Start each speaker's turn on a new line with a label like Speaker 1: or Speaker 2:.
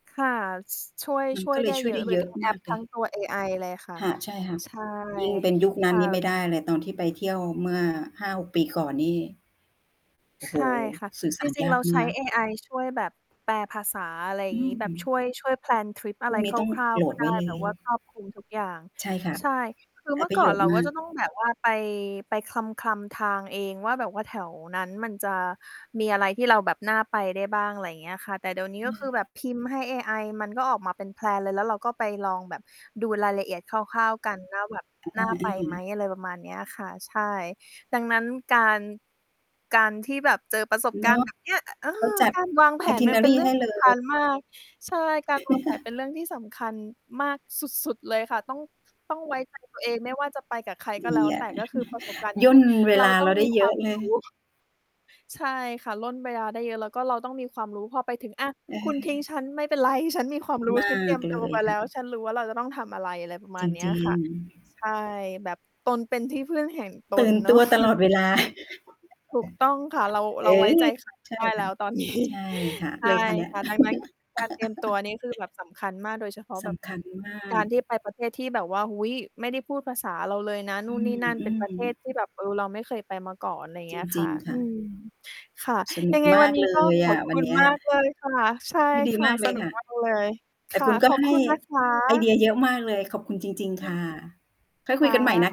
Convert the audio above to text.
Speaker 1: ค่ะ ส ช่วย
Speaker 2: มัน
Speaker 1: ช่
Speaker 2: ก
Speaker 1: ว
Speaker 2: ็
Speaker 1: ย
Speaker 2: เล
Speaker 1: ได
Speaker 2: ย
Speaker 1: ้
Speaker 2: ช่
Speaker 1: เย
Speaker 2: วย
Speaker 1: อ
Speaker 2: ได
Speaker 1: ะ
Speaker 2: ้
Speaker 1: เล
Speaker 2: เย
Speaker 1: ย
Speaker 2: อ
Speaker 1: ท
Speaker 2: ะ
Speaker 1: ั้ง แอ
Speaker 2: มา
Speaker 1: ป
Speaker 2: กเล
Speaker 1: ทั้
Speaker 2: ย
Speaker 1: งตัวเอ ไอ เลยค่ะ
Speaker 2: ค่ะ ใช่ค่ะ
Speaker 1: ใช่
Speaker 2: ยิ่งเป็นยุคน
Speaker 1: ค
Speaker 2: ั้น
Speaker 1: ่ะ
Speaker 2: นี่ไม่ได้เลย ตอนที่ไปเที่ยวเมื่อ 5-6 ปีก่อนนี่ โอ้
Speaker 1: ใ
Speaker 2: โ
Speaker 1: ช
Speaker 2: ฮ
Speaker 1: ่ค่ะ
Speaker 2: สื่อส
Speaker 1: จ
Speaker 2: า
Speaker 1: ร
Speaker 2: ร
Speaker 1: ิ
Speaker 2: ย
Speaker 1: ง
Speaker 2: า
Speaker 1: ๆ เร
Speaker 2: ก
Speaker 1: า
Speaker 2: ม
Speaker 1: ใช้
Speaker 2: าก
Speaker 1: เอไอ ช่วย แบบแปลภาษา อะไร
Speaker 2: อื
Speaker 1: งี้
Speaker 2: ม
Speaker 1: แบบช่วย ช่วย แพลน ทริปอ
Speaker 2: พร
Speaker 1: ะ
Speaker 2: ุ
Speaker 1: ไร
Speaker 2: ่งนี
Speaker 1: ค
Speaker 2: ้ต้อง
Speaker 1: ร่าว
Speaker 2: โหล
Speaker 1: ๆ ก็
Speaker 2: ด
Speaker 1: ไ
Speaker 2: ไว
Speaker 1: ด้
Speaker 2: ้เลย
Speaker 1: แบบว่าครอบคลุมทุก อย่าง
Speaker 2: ใช่ค่ะ
Speaker 1: ใช่ คือ
Speaker 2: ได้
Speaker 1: เมื่
Speaker 2: ป
Speaker 1: อ
Speaker 2: ระ
Speaker 1: ก่
Speaker 2: โย
Speaker 1: อน
Speaker 2: ชน
Speaker 1: เร
Speaker 2: ์
Speaker 1: า
Speaker 2: ม
Speaker 1: ก็
Speaker 2: าก
Speaker 1: จะต้องแบบว่าไป ไปคลำ ๆ ทางเองว่า แบบว่าแถวนั้นมันจะมีอะไรที่เราแบบน่าไปได้บ้าง ไรเงี้ยค่ะ แต่เดี๋ยวนี
Speaker 2: อ
Speaker 1: ้
Speaker 2: ื
Speaker 1: ก็คือแบ
Speaker 2: อ
Speaker 1: บพิมพ์ให้เอไอ มันก็ออกมาเป็น แพลน เลย แล้วเราก็ไปลองแบบดูรายละเอียดคร่าว ๆ กัน ว่า แบบ
Speaker 2: อ
Speaker 1: น่าไปไหม
Speaker 2: า ๆ
Speaker 1: อะไรประมาณเนี้ยค่ะ ใช่ ดังนั้น การ การที่แบบเจอประสบ
Speaker 2: เน
Speaker 1: การ
Speaker 2: า
Speaker 1: ณ
Speaker 2: ะ
Speaker 1: ์ แบบเนี้ย อะ เออ
Speaker 2: เขาจัด
Speaker 1: การวางแผนมันเป็น
Speaker 2: itinerary
Speaker 1: เรื่
Speaker 2: ให
Speaker 1: อง
Speaker 2: ้
Speaker 1: ส
Speaker 2: เล
Speaker 1: ำคัญ
Speaker 2: ย
Speaker 1: มาก ใช่ การวางแผนเป็นเรื่องที่สำคัญมากสุด ๆ เลยค่ะ ต้อง ต้อง ไว้ใจตัวเอง ไม่ว่าจะไปกับใคร
Speaker 2: ด
Speaker 1: ก็
Speaker 2: ี
Speaker 1: แล้ว
Speaker 2: อ
Speaker 1: แต
Speaker 2: ะ
Speaker 1: ่ ก็คือประสบการณ์
Speaker 2: ย่นเว
Speaker 1: เรา
Speaker 2: ลา
Speaker 1: ต
Speaker 2: เ
Speaker 1: ้
Speaker 2: ร
Speaker 1: อ
Speaker 2: า
Speaker 1: ง
Speaker 2: ได
Speaker 1: ม
Speaker 2: ้
Speaker 1: ี
Speaker 2: เ
Speaker 1: ค
Speaker 2: ย
Speaker 1: ว
Speaker 2: อ
Speaker 1: า
Speaker 2: ะ
Speaker 1: ม
Speaker 2: เล
Speaker 1: รู
Speaker 2: ย
Speaker 1: ้ ใช่ค่ะ ร่นเวลาได้เยอะ แล้วก็เราต้องมีความรู้ พอไปถึง อะ
Speaker 2: เ
Speaker 1: คุณทิ้ง
Speaker 2: ออ
Speaker 1: ฉัน ไม่เป็นไร ฉันมีความรู้
Speaker 2: มา
Speaker 1: ฉันเตรีย
Speaker 2: ก
Speaker 1: ม
Speaker 2: เล
Speaker 1: ตัว
Speaker 2: ย
Speaker 1: มาแ
Speaker 2: ค
Speaker 1: ล้
Speaker 2: ่
Speaker 1: ว
Speaker 2: ะ
Speaker 1: ฉันรู้ว่าเราจะต้องทำอะไร อะไรประม
Speaker 2: จ
Speaker 1: าณเนี้ย
Speaker 2: ริ
Speaker 1: ค
Speaker 2: ง
Speaker 1: ่ะ ใช
Speaker 2: ๆ
Speaker 1: ่ แบบตนเป็นที่พึ่งแห่งต
Speaker 2: ตื
Speaker 1: น
Speaker 2: ่น
Speaker 1: เนา
Speaker 2: ตั
Speaker 1: ะ
Speaker 2: วตลอดเวลา
Speaker 1: ถูกต้องค่ะ เรา
Speaker 2: เ
Speaker 1: เ
Speaker 2: อ
Speaker 1: ราไว้
Speaker 2: อ
Speaker 1: ใจ ใคร ไม
Speaker 2: ใ
Speaker 1: ่
Speaker 2: ช
Speaker 1: ไ
Speaker 2: ่
Speaker 1: ด้
Speaker 2: ค
Speaker 1: แ
Speaker 2: ่
Speaker 1: ล้
Speaker 2: ะ
Speaker 1: วตอน นี้
Speaker 2: ใช่ค่ะ
Speaker 1: ใช
Speaker 2: เ
Speaker 1: ่
Speaker 2: ลยค่ะเนี่ย
Speaker 1: ค่ะ ดังนั้น การเตรียมตัวนี่คือแบบสำคัญมาก โดยเฉพาะ
Speaker 2: ส
Speaker 1: แบบ
Speaker 2: ำคัญมา
Speaker 1: กา
Speaker 2: ก
Speaker 1: รที่ไปประเทศที่แบบว่า โอ้โฮ ไม่ได้พูดภาษาเราเลยนะ
Speaker 2: อ
Speaker 1: นู
Speaker 2: ื
Speaker 1: ่นนี่นั่น เป็นป
Speaker 2: ม
Speaker 1: ระเท
Speaker 2: ๆ
Speaker 1: ศที่แบบ เออ เราไม่เคยไปมาก่อน ไร
Speaker 2: จ
Speaker 1: เงี้ยค
Speaker 2: ร
Speaker 1: ่
Speaker 2: ิ
Speaker 1: ะ
Speaker 2: ง ๆ ค
Speaker 1: อื
Speaker 2: ่ะ
Speaker 1: ม ค่ะ
Speaker 2: สนุ
Speaker 1: ยั
Speaker 2: ก
Speaker 1: งไง
Speaker 2: ม
Speaker 1: ว
Speaker 2: า
Speaker 1: ั
Speaker 2: ก
Speaker 1: นนี้
Speaker 2: เล
Speaker 1: ก็
Speaker 2: ย
Speaker 1: ข
Speaker 2: อ
Speaker 1: อบ
Speaker 2: ะ
Speaker 1: ค
Speaker 2: วัน
Speaker 1: ุณ
Speaker 2: เนี้ย
Speaker 1: มากเลยค่ะ ใช่
Speaker 2: ยินดี
Speaker 1: ค่ะ
Speaker 2: มากเ
Speaker 1: ส
Speaker 2: ลย
Speaker 1: นุ
Speaker 2: ค
Speaker 1: ก
Speaker 2: ่ะ
Speaker 1: มาก เลย ค
Speaker 2: แต่
Speaker 1: ่
Speaker 2: ค
Speaker 1: ะ
Speaker 2: ุณก
Speaker 1: ข
Speaker 2: ็
Speaker 1: อบ
Speaker 2: ให
Speaker 1: ค
Speaker 2: ้
Speaker 1: ุณนะค
Speaker 2: ไอเดี
Speaker 1: ะ
Speaker 2: ยเยอะมากเลย ขอบคุณจริง ๆ ค่ะ ค่อยค
Speaker 1: ค
Speaker 2: ุย
Speaker 1: ่
Speaker 2: กันใหม่น
Speaker 1: ะ
Speaker 2: ะ